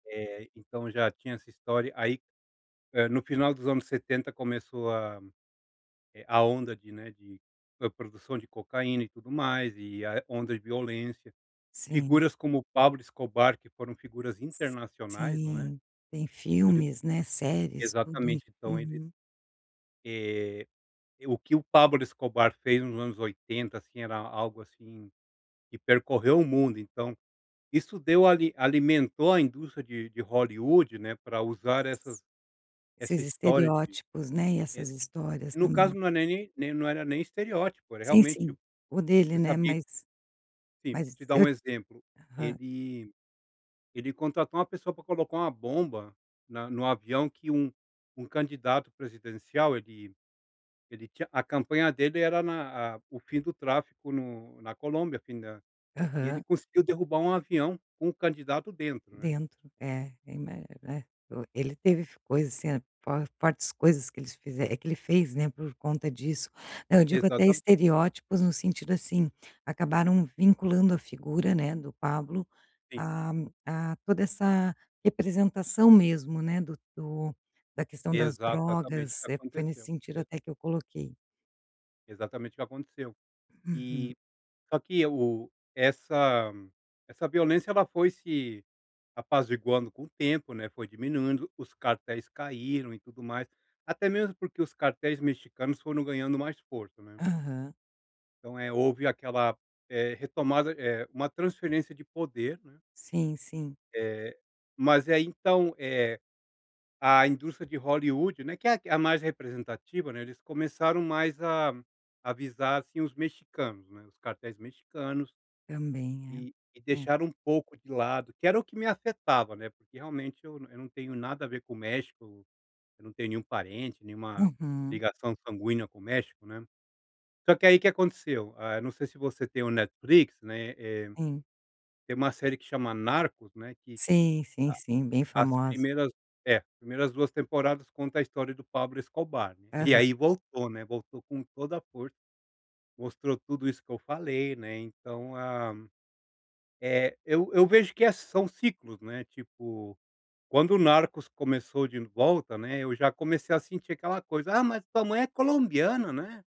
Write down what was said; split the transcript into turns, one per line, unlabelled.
É, então já tinha essa história aí, eh, no final dos anos 70 começou a a onda de, né, de produção de cocaína e tudo mais e a onda de violência.
Sim.
Figuras como o Pablo Escobar que foram figuras
S
internacionais não é.
sim, tem
Ele,
filmes, né, séries, tudo.
exatamente então eles.
Uhum.
E, o que o Pablo Escobar fez nos anos 80 assim era algo assim que percorreu o mundo então, isso deu ali alimentou a indústria de de Hollywood, né, para usar essas essa
Esses
história de,
estereótipos né, e
e,
essas histórias
e no caso
também.
não é nem nem não era nem estereótipo era
Sim,
realmente,
sim, o dele
você
né
sabia
mas
assim,
mas
te dar
eu
um exemplo,
Aham.
ele ele contratou uma pessoa para colocar uma bomba na no avião que um um candidato presidencial ele ele tinha a campanha dele era na a o fim do tráfico no na Colômbia, o fim da e ele
Aham.
conseguiu derrubar um avião com o candidato dentro, né.
Dentro, é, eu ima né. Ele teve coisas assim, fortes coisas que eles que ele fez, né, por conta disso. Não, eu digo até
Exatamente.
estereótipos no sentido assim, acabaram vinculando a figura, né, do Pablo,
Sim.
a a toda essa representação mesmo, né, do do da questão das
Exatamente o que
drogas, é, foi nesse
aconteceu.
sentido
Exa
até que eu coloquei.
Exatamente o que aconteceu.
Uhum.
E, só que o essa essa violência ela foi se apaziguando com o tempo, né, foi diminuindo os cartéis caíram e tudo mais, até mesmo porque os cartéis mexicanos foram ganhando mais força, né.
Aham.
Então é houve aquela, eh, retomada uma transferência de poder, né.
Sim, sim.
Eh. Mas aí então, eh, a indústria de Hollywood, né, que é a mais representativa, né, eles começaram mais a a visar assim os mexicanos, né, os cartéis mexicanos,
Também
e e
é, é.
deixaram um pouco de lado que era o que me afetava, né, realmente eu eu não tenho nada a ver com o México, né, eu não tenho nenhum parente, nenhuma
Uhum.
ligação sanguínea com o México, né. Porque aí o que aconteceu, eu não sei se você tem o Netflix, né, eh,
Sim.
tem uma série que chama Narcos, né, que,
Sim, sim,
a
sim, bem
as
famoso.
primeiras, é, primeiras 2 temporadas conta a história do Pablo Escobar, e
Aham.
aí voltou, né, voltou com toda a força, mostrou tudo isso que eu falei, né, então a, eh, eu eu vejo que são ciclos, né, tipo, quando o Narcos começou de volta, né, eu já comecei a sentir aquela coisa, ah, mas tua mãe é colombiana, né.